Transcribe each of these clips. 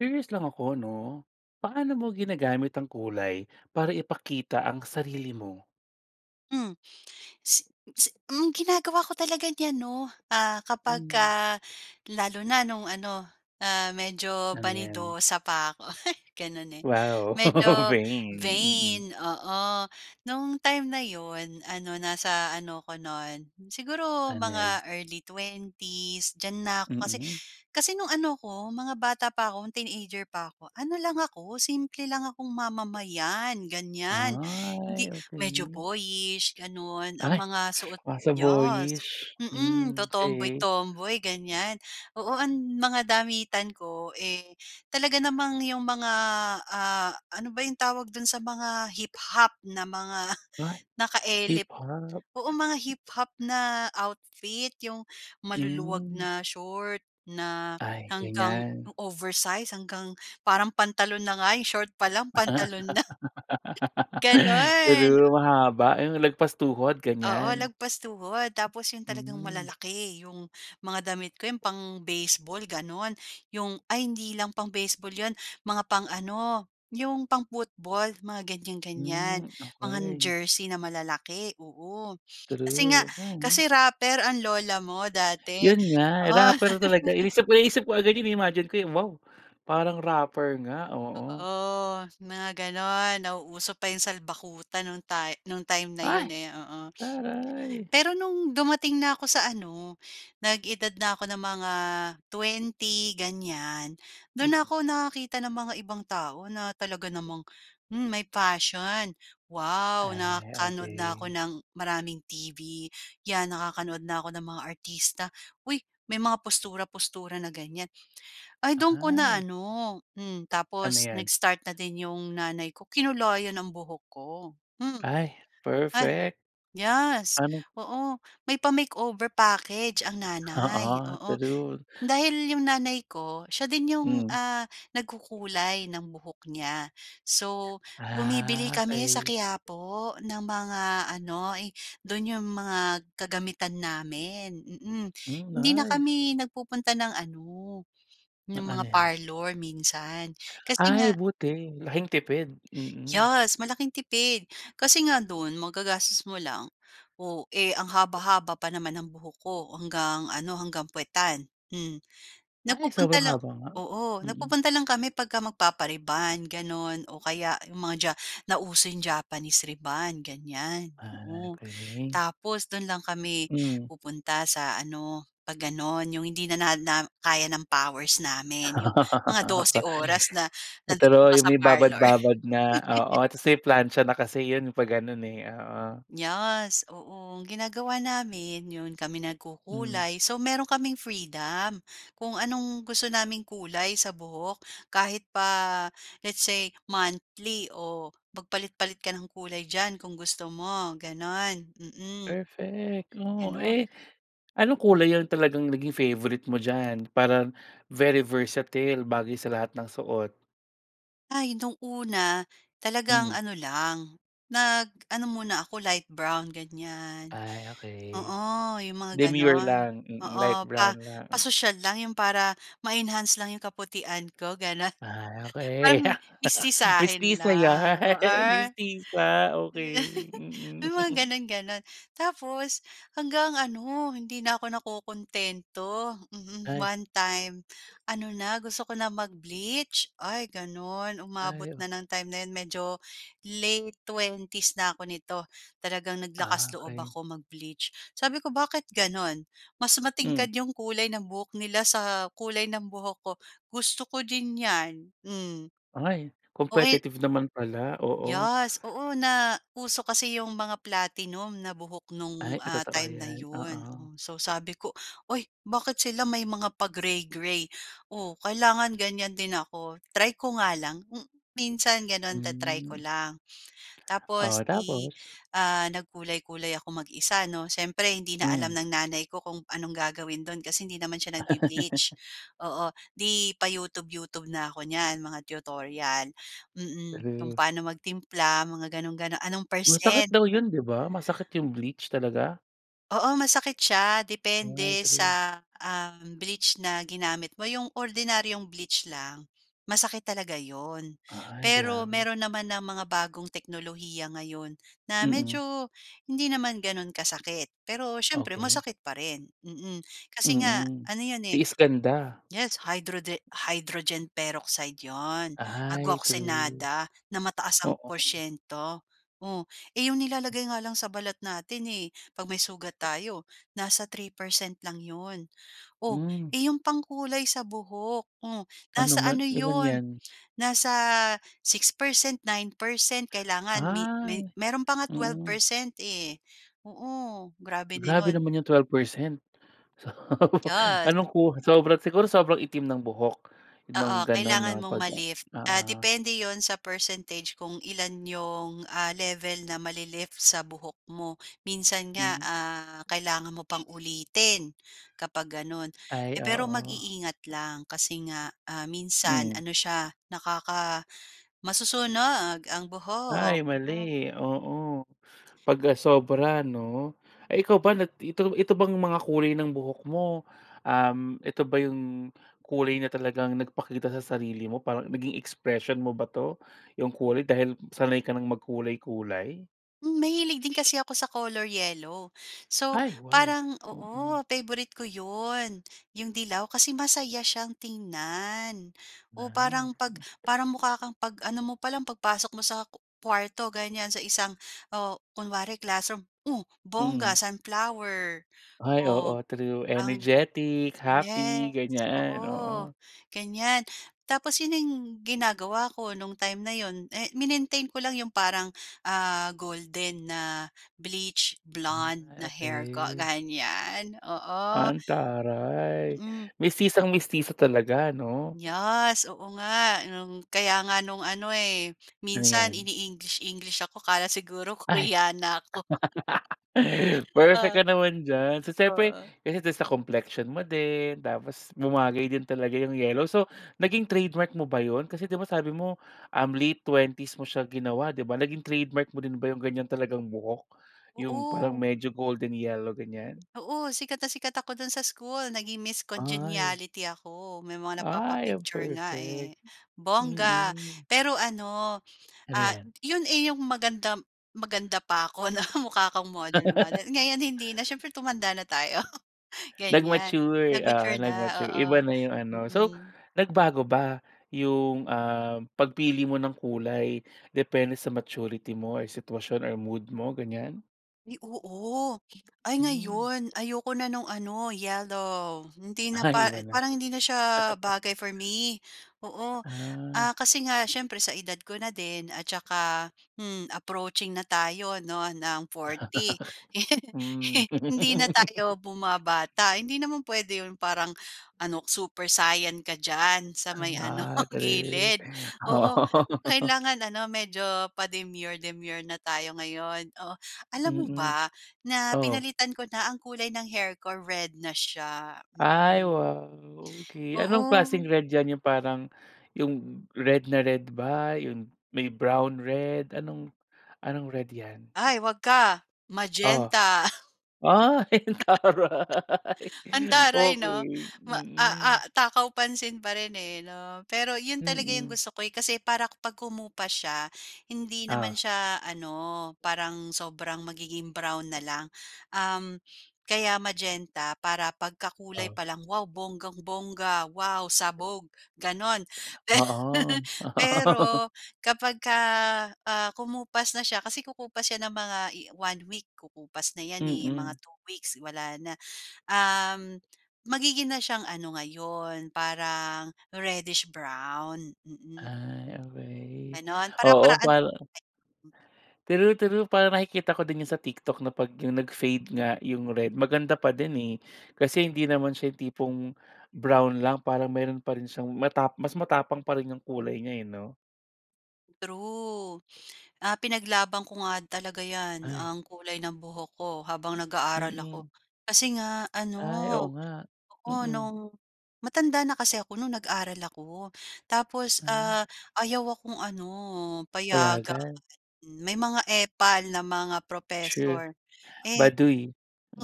Curious lang ako 'no, paano mo ginagamit ang kulay para ipakita ang sarili mo? Hmm. Mm, ginagawa ko talaga niyan 'no, ah, Hmm. kapagka lalo na no'ng ano, ah, medyo Ano 'yan? vanidosa pa ko, gano'n, eh, Wow, medyo vain, mm. vain, oo. No'ng time na 'yon, ano, nasa ano ako no'n, siguro Anez. mga early 20's diyan na ko. Kasi Mm. kasi no'ng ano ko, mga bata pa ko, teenager pa ko, ano lang ako, simple lang akong mamamayan ganyan, hindi Ay, medyo okey. boyish gano'n, ang Ay! mga suot, Nasa yas, boyish, mm, hmm, okey. totomboy-tomboy, ganyan. Oo, ang mga damitan ko, eh, talaga namang yung mg, ah, ano ba yung tawag dun sa mga hip-hop na mga Ay! naka-elip. Hip-hop. Oo, mga hip-hop na outfit, yung maluluwag Hmm. na short na Ay, hanggang ganyan. oversized, hanggang parang pantalon na nga yung short pa lang, pantalon na. True, Gano'n. mahaba yung lagpas tuhod, Oo ganyan? lagpas tuhod, tapos 'yon talagang Hmm. malalaki, 'yong mga damit ko, 'yong pang-baseball gano'n, 'yong ay hindi lang pang-baseball 'yon, mga pang-ano, 'yong pang-football, mga ganyan-ganyan. Hmm, Mga okey. jersey na malalaki, oo, kasi nga, True. Okey. kasi rapper ang lola mo dati, Yun nga, oh. rapper talaga. Inisip ko naisip ko agad yun na-imagine ko, wow! Parang rapper nga, oo. Oo, mga gano'n, nauuso pa 'yong salbakuta no'ng ta nung time na 'yon, Ay! eh, oo. Taray. Pero no'ng dumating na ko sa ano, nag-edad na ko ng mga 20 ganyan, do'n na Mm. ko nakakita ng mga ibang tao na talaga namang, hmm, may fashion. Wow! Ay, Nakanuod na ko okey. ng maraming TV, 'yan nakakanood na ko ng mga artista. 'Uy! May mga postura-postura na ganyan. Ay do'n ko na Ay. ano, hmm, Ano tapos 'yan? nag-start na din 'yong nanay ko, kinulayan ang buhok ko, hmm, Ay, ay perfect. yes, Ano. oo, may pa-makeover package ang Oo, nanay, oo. true. Dahil 'yong nanay ko, siya din 'yong, Hmm. ah, nagkukulay ng buhok niya, so bumibili Ah, kami sa okey. Quiapo ng mga ano, do'n 'yong mga kagamitan namin, mm. Hmm, Hindi na nice. kami nagpupunta ng ano, Ng 'yong mga anez. parlor minsan, kasi Ay nga buti, laking tipid, mm. Yes, malaking tipid. Kasi nga do'n magagastos mo lang, o, eh, ang haba-haba pa naman ang buhok ko hanggang ano, hanggang puwetan, hmm. Ay! Nagpupunta Sobrang lang haba nga, oo mm. nagpupunta lang kami 'pagka magpapa-rebond, gano'n, o kaya 'yong mga ja nauso 'yong Japanese rebond, ganyan. Ah, Oo, okey. tapos do'n lang kami Hmm. pupunta sa ano, 'pag gano'n, 'yong hindi na na kaya ng powers namin 'yong mga 12 oras na nandoon True ka yung sa may parlor. babad-babad na, oo, tapos may plantsa na kasi 'yon 'pag gano'n, eh, oo. Yes, oo. Ang ginagawa namin, 'yon kami Mm. nagkukulay, so meron kaming freedom kung anong gusto naming kulay sa buhok. Kahit pa let's say monthly o magpalit-palit ka ng kulay diyan kung gusto mo, gano'n, mm. Perfect, oh. Ganun. Eh, anong kulay yung talagang naging favorite mo diyan? Parang very versatile bagay sa lahat ng suot. Ay, no'ng una, talagang Hmm. ano lang, nag-ano muna ako light brown, ganyan. Ay, okey, Oo, yung mga demure gano'n. lang. Mm, light Oo, pa brown lang. pasosyal lang yung para ma-enhance lang yung kaputian ko, gano'n. Ah, okey. Parang mestisahin Mestisa lang. 'yan? Mestisa? Okey. Mm. May mga gano'n-gano'n. Tapos hanggang ano, hindi na ako nakokontento. Mhm. Ay. 1 time ano na, gusto ko na mag-bleach. Ay, gano'n, umabot Ay, o na ng time na 'yon, medyo late '20s na ako nito, talagang Ah, naglakas-loob okey. ako mag-bleach. Sabi ko, "Bakit gano'n? Mas Hmm. matingkad yung kulay ng buhok nila sa kulay ng buhok ko. Gusto ko din 'yan." Hmm. Ay. O, eh Competitive naman pala. Oo. Yes. Oo, nauso kasi yung mga platinum na buhok no'ng, Ay, ah, totoo time na 'yan. 'yon. Oo. O, so sabi ko, "Ay, bakit sila may mga pa-gray-gray? O, kailangan ganyan din ako, try ko nga lang." M minsan gano'n, ta-try ko Mm. lang. Tapos Oh, i tapos? ah, nagkulay-kulay ako mag-isa 'no. Siyempre hindi na Hmm. alam ng nanay ko kung anong gagawin do'n kasi hindi naman siya nagbe-bleach. Oo. 'Di pa-youtube-youtube na ako niyan, mga tutorial. Mm, kung True. paano magtimpla mga gano'n-gano anong Masakit %? daw 'yon, 'di ba? Masakit yung bleach talaga? Oo masakit siya Ay, depende true. sa, ah, bleach na ginamit mo 'yong ordinaryong bleach lang masakit talaga 'yon. Ay, Pero grabe. meron naman ng mga bagong teknolohiya ngayon na Mm. medyo hindi naman gano'n kasakit. Pero siyempre Okey. masakit pa rin, mm, kasi nga Mm, ano 'yon, eh. tiis ganda. Yes, hydrode hydrogen peroxide 'yon agua Ay true, oxinada na mataas ang oo. porsiento. Oh, eh, 'yong nilalagay nga lang sa balat natin, eh, 'pag may sugat tayo nasa 3% lang 'yon. Oh, Mm. eh, 'yong pangkulay sa buhok, oh, Ano nasa man ano ilan 'yan? 'yon, nasa 6%, 9% kailangan mi may Ay, mayro'n pa nga twelve mm. percent, eh, oo grabe na Grabe 'yon. naman yung 12%. So, Yes. anong ku sobrang siguro sobrang itim ng buhok Oo, nung ganun kailangan 'no mong pag oo. ma-lift, ah, depende 'yon sa percentage kung ilan 'yong, ah, level na mali-lift sa buhok mo. Minsan nga, Hmm. ah, kailangan mo pang ulitin kapag gano'n. Eh, Ay, pero oo. mag-iingat lang kasi nga, ah, minsan Hmm. ano siya nakaka masusunog ang buhok, Ay, oo. mali oo pag, ah, sobra 'no. Eh, ikaw ba nag ito ito bang mga kulay ng buhok mo, um, ito ba yung kulay na talagang nagpakita sa sarili mo, parang naging expression mo ba 'to yung kulay dahil sanay ka ng magkulay-kulay? Hmm, mahilig din kasi ako sa color yellow. So Ay, wow. parang, Mm. oo favorite ko 'yon 'yong dilaw kasi masaya siyang tingnan. Oh Nice. parang pag Hmm. para mukha kang pag ano mo pa lang, pagpasok mo sa ku kuwarto ganyan sa isang oh kunwari classroom. Oh, bongga Hmm. sunflower. Ay Oh. oo, true, Ang energetic happy yes ganyan, oo oo. ganyan. Tapos yun ning ginagawa ko nung time na 'yon, eh, minintain ko lang yung parang ah golden na bleach blonde Ay, na hair ko okey. ganyan oo. Antaray, Mhm. mestisang-mestisa talaga 'no? Yes oo nga no'ng kaya nga no'ng ano, eh, Ano minsan yan? ini-English English ako. Akala siguro Ay. Koreana ako. Perfect Ah. ka naman dyan. So siyempre Oo. ganito sa complexion mo din. Tapos bumagay din talaga yung yellow. So naging trademark mo ba yun? Kasi di ba sabi mo um late 20s mo siya ginawa. Di ba naging trademark mo din ba yung ganyan talagang buhok yung parang Oo. medyo golden yellow ganyan? Oo sikat na sikat ako dun sa school. Naging Miss Ay. Congeniality ako. May mga Ay ang napapa-picture nga, perfect, eh, bongga. mm. Pero ano, Ano ah, yan? yun, eh, yung magandam, maganda pa ako na mukha kong model model. Ngayon hindi na siyempre, tumanda na tayo ganyan. Nag-mature oo, Nag-mature na nag-mature oo, iba na yung ano. So mhm. nagbago ba yung, um, pagpili mo ng kulay depende sa maturity mo or sitwasyon or mood mo ganyan? Ay, oo! Ay, Hmm. ngayon, ayoko na no'ng ano, yellow. Hindi na pa Ay, wala. parang hindi na sya bagay for me, oo. Ah. Ah, kasi nga syempre, sa edad ko na din at tsaka, hmm approaching na tayo 'no, ng 40, Hmm. hindi na tayo bumabata. Hindi naman pwede 'yon, parang ano ko, Super Saiyan ka diyan, sa Ham may ano ah, true. gilid. Oo, Oo. kailangan ano medyo pa-demure-demure na tayo ngayon. Oh, alam mo Mm. ba, na Oh? pinalitan ko na ang kulay ng hair ko, red na siya, Ay, mm. wow, okey. Anong Oo. klaseng red yan, yung parang, yung red na red ba, yun may brown-red, anong anong red yan? Ay 'wag ka, Oh? magenta. Ay, ang taray! Antaray 'no? Okey. Ma a a Mm. takaw-pansin pa rin, eh, 'no? Pero 'yon talaga 'yong Mm. gusto ko, eh. Kasi para kapag kumupas sya, hindi Oh. naman sya ano, parang sobrang magiging brown nalang. Um, kaya magenta para pagkakulay Oh. pa lang, "Wow bonggang-bongga, wow sabog!" gano'n. Per Oo. pero kapagka, ah, kumupas na sya, kasi kukupas na yan ng mga i 1 week, kukupas na 'yan, eh, mga Mm. 2 weeks wala na. Um, magiging na syang ano ngayon, parang reddish-brown. Mm Ay, okey. Gano'n, Oo, para-paraan para [unintelligible] True, true, parang nakikita ko din 'yan sa TikTok, 'no 'pag yung ka nag-fade nga yung red, maganda pa din, eh. Kasi hindi naman sya yung tipong brown lang parang meron pa rin syang matap mas matapang pa rin yung kulay niya, eh, 'no? True. Ah, pinaglaban ko nga talaga 'yan, Ay. ang kulay ng buhok ko habang nag-aaral ako. Mm. Kasi nga ano, Ay, oo nga. oo, Mm. no'ng matanda na kasi ako no'ng nag-aral ako. Tapos, Ah. ah, ayaw akong ano, payagan. Payagan. May mga epal na mga True, professor. Eh, baduy.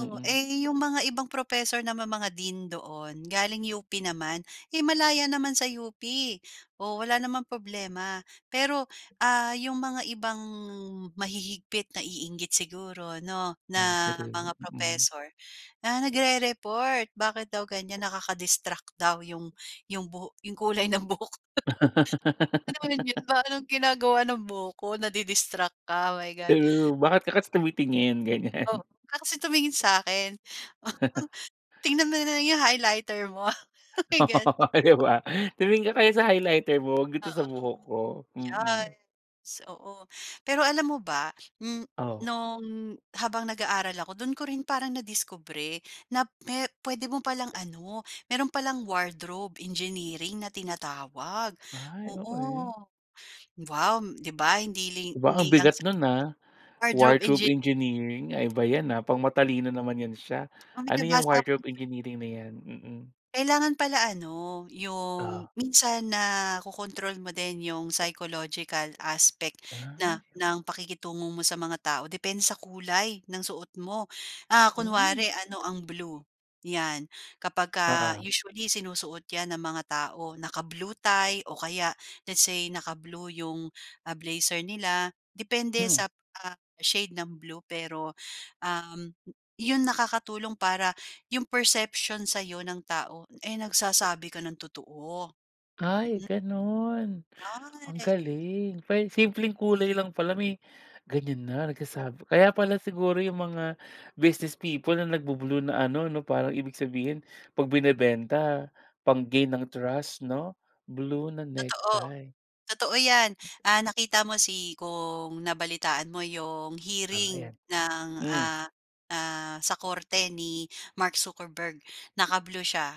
o, eh yung mga ibang professor naman, mga dean doon, galing UP naman. Eh, malaya naman sa UP. Oh, wala namang problema. Pero, ah, yung mga ibang mahihigpit, naiinggit siguro 'no, Ay, na true. mga Mm. professor, ah, nagre-report bakit daw ganyan, nakaka-distract daw yung yung buho yung kulay ng buhok. Ano ba naman yun, parang ginagawa ng buhok ko, nadi-distract ka, my god. True. Bakit ka kasi tumitingin? O, Ganyan. 'wag ka kasi tumingin sa'kin. Tignan mo na lang yung highlighter mo, oh, my O, god! 'di ba? Tumingin ka kaya sa highlighter mo, 'wag dito sa buhok Oo, ko. Mm. yes. Oo. Pero alam mo ba, Hmm, O. no'ng, mm, habang nag-aaral ako, do'n ko rin parang nadiskubre na me puwede mo pa lang ano, meron pa lang wardrobe engineering na tinatawag. Ay, Oo. okey. Wow, 'di ba hindi ling 'Ba, ang hindi lang bigat sa no'n, ah, wardrobe engi wardrobe engineering. Ay, iba 'yan, ah, pang matalino naman 'yan siya. O, may Ano 'yang nabasa akong wardrobe engineering na 'yan? Mm. Kailangan pala ano, O. yung minsan nakokontrol mo din yung psychological aspect Ay. na ng pakikitungo mo sa mga tao, depende sa kulay ng suot mo. Ah, Mm. kunwari ano ang blue, 'yan. Kapagka Oo. usually sinusuot 'yan ng mga tao, naka-blue tie o kaya let's say naka-blue yung, ah, blazer nila depende Hmm. sa, ah, shade ng blue, pero, um, yun nakakatulong para yung perception sa'yo ng tao, eh, nagsasabi ka ng totoo. Ay, Mm. gano'n. Ang [unintelligible] galing. Pwe simpleng kulay lang pala, may ganyan na nagsasabi. Kaya pala siguro yung mga business people na nagbu-blue na ano 'no, parang ibig sabihin 'pag binebenta pang-gain ng trust 'no, blue na Totoo. necktie. Totoo 'yan. Ah, nakita mo si kung nabalitaan mo yung O, hearing ayan. ng, Hmm. ah, ah, sa korte ni Mark Zuckerberg, naka-blue siya.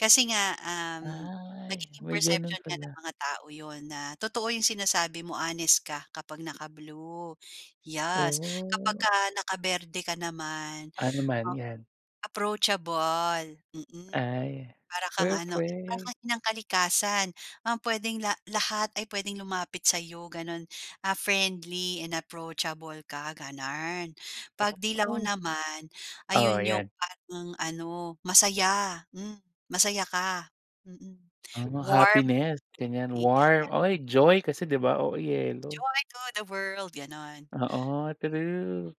Kasi nga, um, Ay. nagiging May gano'n perception 'yan nga ng pala. mga tao, 'yon na totoo yung sinasabi mo, honest ka, kapag naka-blue. Yes. Oh. Kapagka naka-berde ka naman, Ano man 'yan? approachable. Mm. Ay, Para kang ano, para perfect. kang inang kalikasan. Um, puwedeng la lahat ay puwedeng lumapit sa'yo, gano'n. Ah, friendly and approachable ka, gano'n. 'Pag 'dilaw Oo. naman, Oo, ayun yung 'yan. parang ano, masaya. Hmm. Masaya ka. Mm. Oh, Warm. happiness, ganyan. 'Di ka na Warm. Ay, joy kasi 'di ba, oo, yellow. Joy to the world, gano'n. Oo, true.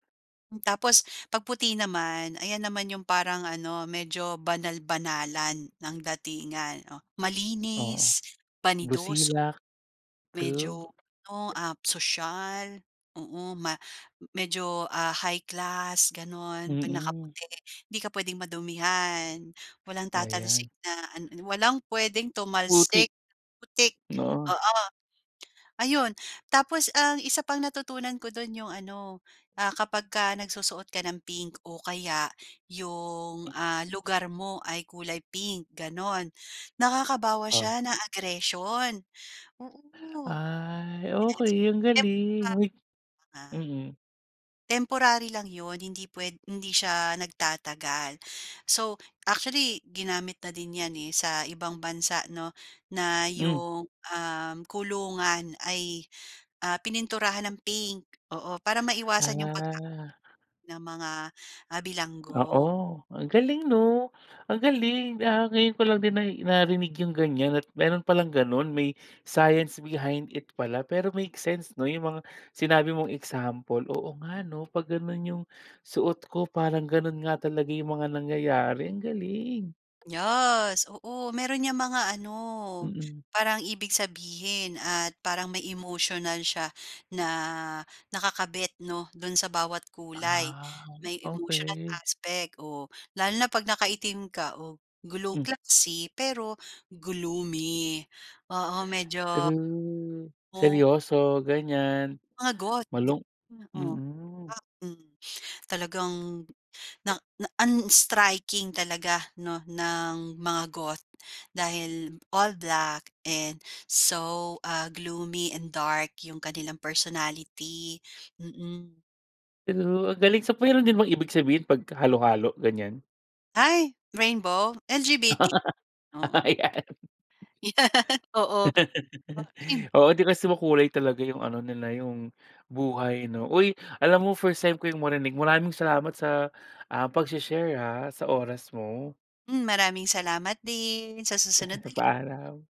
Tapos 'pag puti naman ayan naman 'yong parang ano medyo banal-banalan ng datingan. Oh, Oo, malinis, banidoso, busilak, true. medyo ano, ah, soyal, oo, ma medyo, ah, high class gano'n 'pag Mm. nakaputi hindi ka puwedeng madumihan. Walang Ayan. tatalsik na an ano, walang puwedeng Putik. tumalsik putik, Oo. oo. Ayun tapos ang isa pang natutunan ko do'n 'yong ano, ah, kapagka nagsusuot ka ng pink o kaya 'yong, ah, lugar mo ay kulay pink gano'n. Nakakabawas Oh. siya ng aggression oo. Ay, Yes okey ang [unintelligible] galing uy, mm. temporary lang 'yon hindi puwed hindi siya nagtatagal. So, actually ginamit na din 'yan, eh, sa ibang bansa 'no, na Hmm. 'yong, um, kulungan ay, ah, pininturahan ng pink oo para maiwasan 'yong pagka Ah. ng mga, ah, Oo bilanggo. ang galing 'no, ang galing, ah, ngayon ko lang din nai narinig yung ganyan at meron palang ganun may science behind it pala. Pero makes sense no yung mga sinabi mong example. Oo nga 'no, pag ganun yung suot ko parang ganun nga talaga yung mga nangyayari. Ang galing! Yes, oo. Meron niyang mga ano, Mm. parang ibig sabihin at parang may emotional siya na nakakabit 'no, do'n sa bawat kulay. Ah, May emotional okey. aspect, oh. Lalo na 'pag nakaitim ka. Oh, glow Hmm. classy pero gloomy. Oo, medyo True, Oh. seryoso, ganyan Mga Goth di malung oo, mm. [unintelligible] talagang na na unstriking talaga 'no, ng mga goth dahil all black and so, ah, gloomy and dark yung kanilang personality, mm. True, ang galing. So, mayro'n din bang ibig sabihin 'pag halo-halo, ganyan? Ay, rainbow? LGBT, oo. Ayan, Oo. Akin oo, 'di, kasi makulay talaga yung ano nila, yung buhay 'no. Uy, alam mo first time ko yung marinig, maraming salamat sa, ah, pagshe-share, ah, sa oras mo. Hmm, maraming salamat din, sa susunod uli. Paalam.